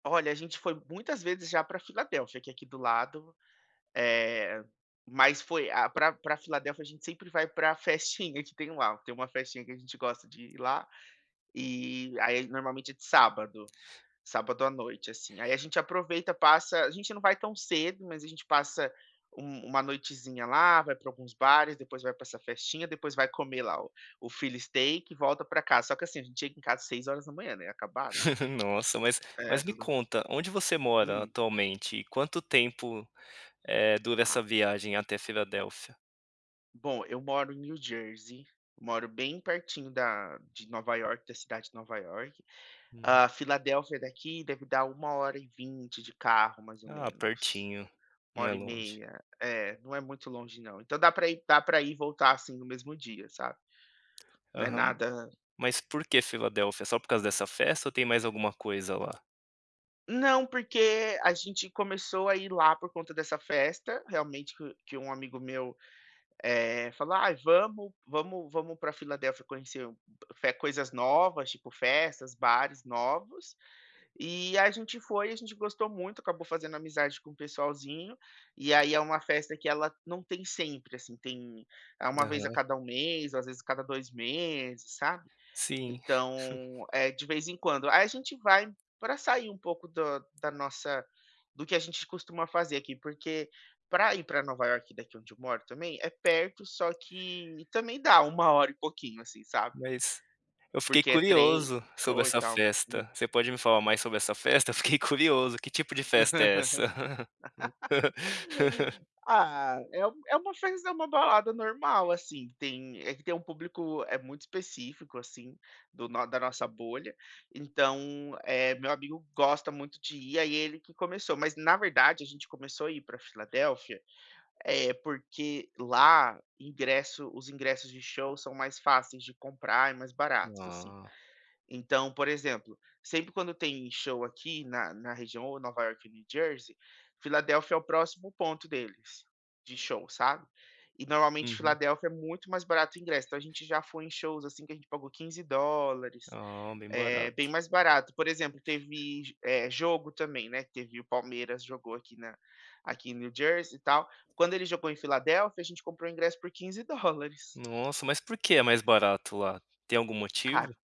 Olha, a gente foi muitas vezes já pra Filadélfia, que é aqui do lado, eh, mas foi a pra pra Filadélfia, a gente sempre vai pra festinha que tem lá. Tem uma festinha que a gente gosta de ir lá, e aí normalmente, é de sábado, sábado à noite, assim. Aí a gente aproveita, passa a gente não vai tão cedo, mas a gente passa um uma noitezinha lá, vai pra alguns bares, depois vai pra essa festinha. Depois vai comer lá o o philly steak e volta pra casa. Só que, assim, a gente chega em casa 6h, né, acabado. Nossa, mas É, mas me tudo conta, onde você mora Hum. atualmente e quanto tempo, eh, dura essa Tá. viagem até Filadélfia? Bom, eu moro em New Jersey, moro bem pertinho da de Nova Iorque, da cidade de Nova Iorque. Uhum. A Filadélfia daqui deve dar 1 hora e 20 de carro mais ou Ah, menos, pertinho, 1 não é hora e longe. meia. É, não é muito longe não. Então dá pra ir dá pra ir e voltar, assim, no mesmo dia, sabe, não é Aham, nada mas por que Filadélfia? Só por causa dessa festa ou tem mais alguma coisa lá? Não, porque a gente começou a ir lá por conta dessa festa, realmente que que um amigo meu, eh, falou: "Ai, vamos vamos vamos pra Filadelfia, conhecer fe coisas novas, tipo, festas, bares novos", e a gente foi e a gente gostou muito. Acabou fazendo amizade com o pessoalzinho e aí é uma festa que ela não tem sempre, assim, tem é uma vez a Aham. cada 1 mês, às vezes a cada 2 meses, sabe, Sim. então é de vez em quando. Aí a gente vai pra sair um pouco da da nossa do que a gente costuma fazer aqui, porque pra ir pra Nova Iorque daqui onde eu moro também é perto, só que e também dá 1 hora e pouquinho, assim, sabe. Mas eu fiquei Porque é trem, curioso sobre metrô e essa tal. Hum. festa. Você pode me falar mais sobre essa festa? Eu fiquei curioso, que tipo de festa é essa? Ah, é um é uma festa é uma balada normal, assim, tem é que tem um público é muito específico, assim, do no da nossa bolha, então, eh, meu amigo gosta muito de ir, aí ele que começou. Mas na verdade a gente começou a ir pra Filadélfia, eh, porque lá ingresso os ingressos de show são mais fáceis de comprar e mais baratos, assim. Ah. Então, por exemplo, sempre quando tem show aqui na na região ou Nova Iorque ou New Jersey, Filadélfia é o próximo ponto deles de show, sabe, e normalmente Uhum. Filadélfia é muito mais barato ingresso, então a gente já foi em shows, assim, que a gente pagou $15. Oh, bem É bem barato. mais barato, por exemplo, teve, eh, jogo também, né, teve o Palmeiras jogou aqui na aqui em New Jersey e tal, quando ele jogou em Filadélfia a gente comprou ingresso por $15. Nossa, mas por que é mais E barato lá? Tem algum Ca motivo?